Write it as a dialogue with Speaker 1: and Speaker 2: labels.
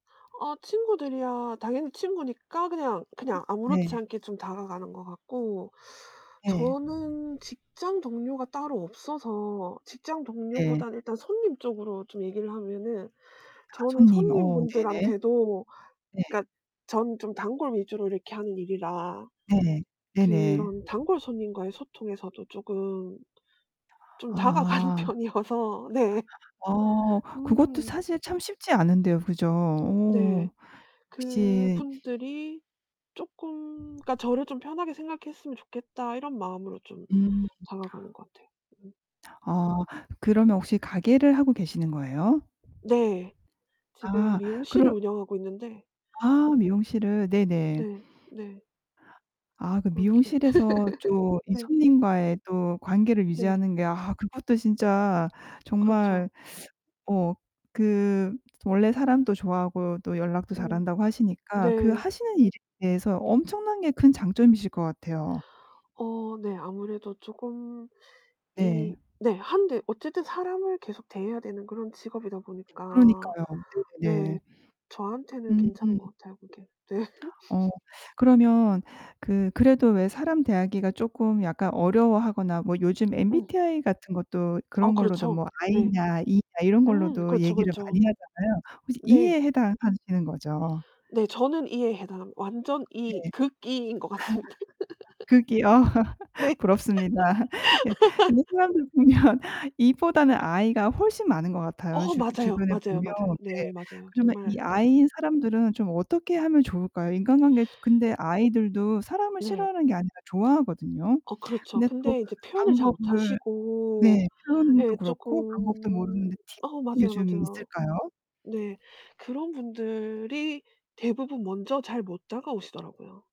Speaker 1: 아 친구들이야 당연히 친구니까 그냥, 그냥 아무렇지
Speaker 2: 네.
Speaker 1: 않게 좀 다가가는 것 같고
Speaker 2: 네.
Speaker 1: 저는 직장 동료가 따로 없어서 직장
Speaker 2: 네.
Speaker 1: 동료보다 일단 손님 쪽으로 좀 얘기를 하면은
Speaker 2: 아
Speaker 1: 저는
Speaker 2: 손님. 어 네네.
Speaker 1: 손님분들한테도
Speaker 2: 네.
Speaker 1: 그니까 전 좀 단골 위주로 이렇게 하는 일이라
Speaker 2: 네. 네네.
Speaker 1: 그런 단골손님과의 소통에서도 쪼금 좀 다가가는
Speaker 2: 아.
Speaker 1: 편이어서 네.
Speaker 2: 어, 그것도
Speaker 1: 음.
Speaker 2: 사실 참 쉽지 않은데요. 그죠.
Speaker 1: 네.
Speaker 2: 오, 역시
Speaker 1: 그분들이 쪼끔 그니까 '저를 좀 편하게 생각했으면 좋겠다.' 이런 마음으로 좀
Speaker 2: 음.
Speaker 1: 다가가는 것 같아요. 음.
Speaker 2: 아 그러면 혹시 가게를 하고 계시는 거예요?
Speaker 1: 네 지금
Speaker 2: 아
Speaker 1: 미용실을
Speaker 2: 그럼
Speaker 1: 운영하고 있는데
Speaker 2: 아 미용실을. 네네.
Speaker 1: 네. 네.
Speaker 2: 아 그
Speaker 1: 그렇게.
Speaker 2: 미용실에서 좀 이
Speaker 1: 네.
Speaker 2: 손님과의 또 관계를
Speaker 1: 네.
Speaker 2: 유지하는 게 아 그것도 진짜 정말
Speaker 1: 그렇죠.
Speaker 2: 어 그 원래 사람도 좋아하고 또 연락도 잘
Speaker 1: 음.
Speaker 2: 한다고 하시니까 그
Speaker 1: 네.
Speaker 2: 하시는 일에 대해서 엄청나게 큰 장점이실 것 같아요.
Speaker 1: 어 네 아무래도 쪼금
Speaker 2: 네.
Speaker 1: 이 네 하는데 어쨌든 사람을 계속 대해야 되는 그런 직업이다 보니까
Speaker 2: 그러니까요.
Speaker 1: 네
Speaker 2: 네네.
Speaker 1: 저한테는
Speaker 2: 음.
Speaker 1: 괜찮은 것 같아요 그게. 네.
Speaker 2: 어 그러면 그 그래도 왜 사람 대하기가 쪼금 약간 어려워하거나 뭐 요즘
Speaker 1: 응.
Speaker 2: MBTI 같은 것도
Speaker 1: 아
Speaker 2: 그런 걸로도
Speaker 1: 그렇죠.
Speaker 2: 뭐
Speaker 1: 네.
Speaker 2: I냐 E냐 이런
Speaker 1: 음
Speaker 2: 걸로도
Speaker 1: 그렇죠,
Speaker 2: 얘기를 많이
Speaker 1: 그렇죠.
Speaker 2: 하잖아요. 혹시
Speaker 1: 네.
Speaker 2: E에 해당하시는 거죠?
Speaker 1: 네, 저는 E에 해당합니다. 완전
Speaker 2: 네.
Speaker 1: E 극 E인 것 같습니다.
Speaker 2: 그게요.
Speaker 1: 네.
Speaker 2: 부럽습니다. 예. 근데 사람들 보면 E보다는 I가 훨씬 많은 것 같아요.
Speaker 1: 어
Speaker 2: 주
Speaker 1: 맞아요.
Speaker 2: 주변에 보면.
Speaker 1: 맞아요, 맞아요.
Speaker 2: 네.
Speaker 1: 네 맞아요.
Speaker 2: 그러면 이
Speaker 1: 정말 네.
Speaker 2: I인 사람들은 좀 어떻게 하면 좋을까요? 인간관계 근데 I들도 사람을
Speaker 1: 네.
Speaker 2: 싫어하는 게 아니라 좋아하거든요.
Speaker 1: 어 그렇죠.
Speaker 2: 근데 또
Speaker 1: 근데 이제 표현을 잘 못
Speaker 2: 방법을
Speaker 1: 하시고
Speaker 2: 네. 표현도
Speaker 1: 예
Speaker 2: 그렇고 방법도
Speaker 1: 쪼금
Speaker 2: 모르는데 팁
Speaker 1: 어
Speaker 2: 같은 게
Speaker 1: 맞아요,
Speaker 2: 좀
Speaker 1: 맞아요.
Speaker 2: 있을까요?
Speaker 1: 네. 그런 분들이 대부분 먼저 잘 못 다가오시더라고요.